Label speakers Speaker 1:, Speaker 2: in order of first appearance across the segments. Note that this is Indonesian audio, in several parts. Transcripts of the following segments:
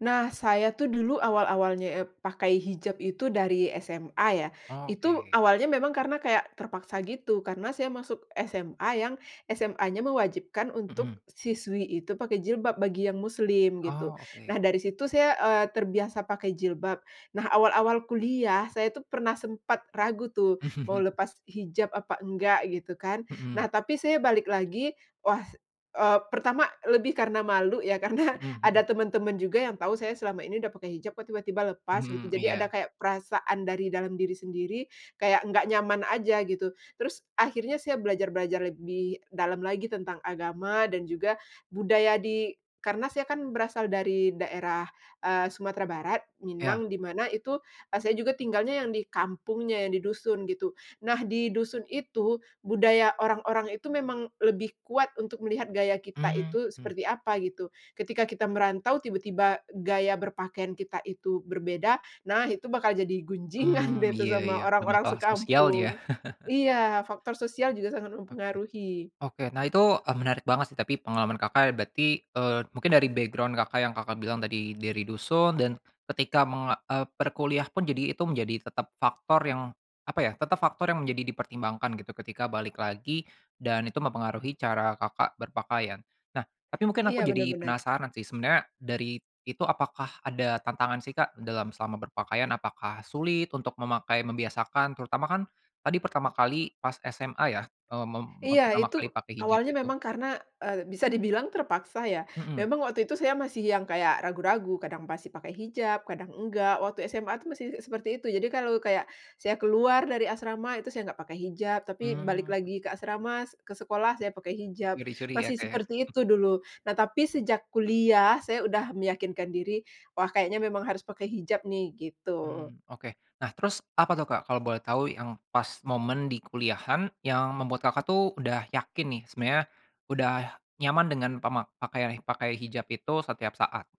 Speaker 1: Nah, saya tuh dulu awal-awalnya ep pakai hijab itu dari SMA ya. Itu
Speaker 2: Oke.
Speaker 1: awalnya memang karena kayak terpaksa gitu, karena saya masuk SMA yang SMAnya mewajibkan
Speaker 2: Mhm.
Speaker 1: untuk siswi itu pakai jilbab bagi yang muslim gitu.
Speaker 2: Oh, oke.
Speaker 1: Nah, dari situ saya, eee, terbiasa pakai jilbab. Nah, awal-awal kuliah saya tuh pernah sempat ragu tuh, mau lepas hijab apa enggak gitu kan.
Speaker 2: Mhm.
Speaker 1: Nah, tapi saya balik lagi, wah, eee, pertama lebih karena malu ya, karena
Speaker 2: Mhm
Speaker 1: ada
Speaker 2: mhm.
Speaker 1: temen-temen juga yang tahu saya selama ini udah pakai hijab kok tiba-tiba lepas gitu.
Speaker 2: Mhm,
Speaker 1: Jadi ada
Speaker 2: iya.
Speaker 1: kayak perasaan dari dalam diri sendiri kayak enggak nyaman aja gitu. Terus akhirnya saya belajar belajar lebih dalam lagi tentang agama dan juga budaya di karena saya kan berasal dari daerah, eee, Sumatera Barat,
Speaker 2: Ya.
Speaker 1: Minang, di mana itu, eee, saya juga tinggalnya yang di kampungnya, yang di dusun gitu. Nah, di dusun itu budaya orang-orang itu memang lebih kuat untuk melihat gaya kita
Speaker 2: Mmm,
Speaker 1: itu
Speaker 2: mhm.
Speaker 1: seperti apa gitu. Ketika kita merantau tiba-tiba gaya berpakaian kita itu berbeda. Nah itu bakal jadi gunjingan
Speaker 2: Mmm,
Speaker 1: deh tuh
Speaker 2: ya,
Speaker 1: sama
Speaker 2: ya,
Speaker 1: orang-orang
Speaker 2: [unintelligible] sosial ya.
Speaker 1: sekampung. Iya, faktor sosial juga sangat
Speaker 2: Oke.
Speaker 1: mempengaruhi.
Speaker 2: Oke, nah itu e menarik banget sih. Tapi pengalaman Kakak berarti, eee, mungkin dari background Kakak, yang Kakak bilang tadi dari dusun. Dan ketika meng eee, perkuliah pun jadi itu menjadi tetap faktor yang apa ya, tetap faktor yang menjadi dipertimbangkan gitu ketika balik lagi, dan itu mempengaruhi cara, Kakak berpakaian. Nah, tapi mungkin aku
Speaker 1: Iya
Speaker 2: jadi
Speaker 1: benar,-benar.
Speaker 2: penasaran sih, sebenarnya dari itu apakah ada tantangan sih, Kak, dalam selama berpakaian? Apakah sulit untuk memakai, membiasakan? Terutama kan tadi pertama kali pas SMA ya, eee, mem eee,
Speaker 1: Iya,
Speaker 2: pertama
Speaker 1: itu
Speaker 2: kali pakai hijab
Speaker 1: awalnya
Speaker 2: itu.
Speaker 1: memang karena, eee, bisa dibilang terpaksa ya.
Speaker 2: Mhm.
Speaker 1: Memang waktu itu, saya masih yang kayak ragu-ragu, kadang masih pakai hijab, kadang enggak. Waktu SMA tuh masih seperti itu, jadi kalau kayak, saya keluar dari asrama, itu saya enggak pakai hijab. Tapi balik
Speaker 2: Mhm.
Speaker 1: lagi ke asrama, se ke sekolah saya pakai hijab,
Speaker 2: Curi-curi ya,
Speaker 1: masih
Speaker 2: Kak, ya.
Speaker 1: seperti
Speaker 2: [unintelligible]
Speaker 1: itu dulu. Nah, tapi sejak kuliah, saya udah meyakinkan diri, "Wah kayaknya memang harus pakai hijab nih," gitu.
Speaker 2: Mmm, oke. Nah, terus apa tuh, Kak, kalau boleh tahu yang pas momen di kuliahan yang membuat Kakak, tuh udah yakin nih, sebenernya udah nyaman dengan pemak pakai pakai hijab itu setiap saat?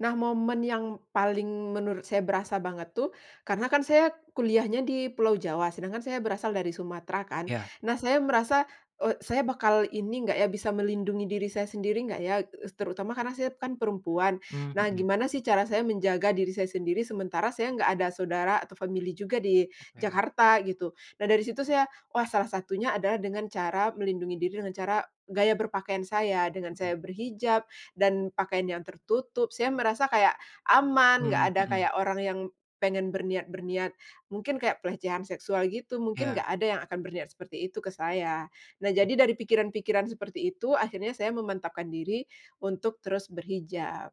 Speaker 1: Nah, momen yang paling menurut saya berasa banget tuh, karena kan saya kuliahnya di Pulau Jawa, sedangkan saya berasal dari Sumatera kan.
Speaker 2: Iya.
Speaker 1: Nah, saya merasa, eee, saya bakal ini enggak ya, bisa melindungi diri saya sendiri enggak ya, eee, terutama karena saya kan perempuan.
Speaker 2: Mmm,
Speaker 1: Nah,
Speaker 2: hmm.
Speaker 1: gimana sih cara saya menjaga diri saya sendiri, sementara saya enggak ada saudara atau family juga di
Speaker 2: Oke.
Speaker 1: Jakarta gitu. Nah, dari situ saya, wah salah satunya adalah dengan cara melindungi diri dengan cara gaya berpakaian saya. Dengan saya
Speaker 2: Mhm.
Speaker 1: berhijab dan pakaian yang tertutup, saya merasa kayak aman, enggak
Speaker 2: Mmm,
Speaker 1: ada,
Speaker 2: hmm.
Speaker 1: kayak orang yang pengen berniat berniat mungkin kayak pelecehan seksual gitu, mungkin
Speaker 2: Iya.
Speaker 1: enggak ada yang akan berniat seperti itu ke saya. Nah,
Speaker 2: Mhm.
Speaker 1: jadi dari pikiran-pikiran seperti itu, akhirnya saya memantapkan diri untuk terus berhijab.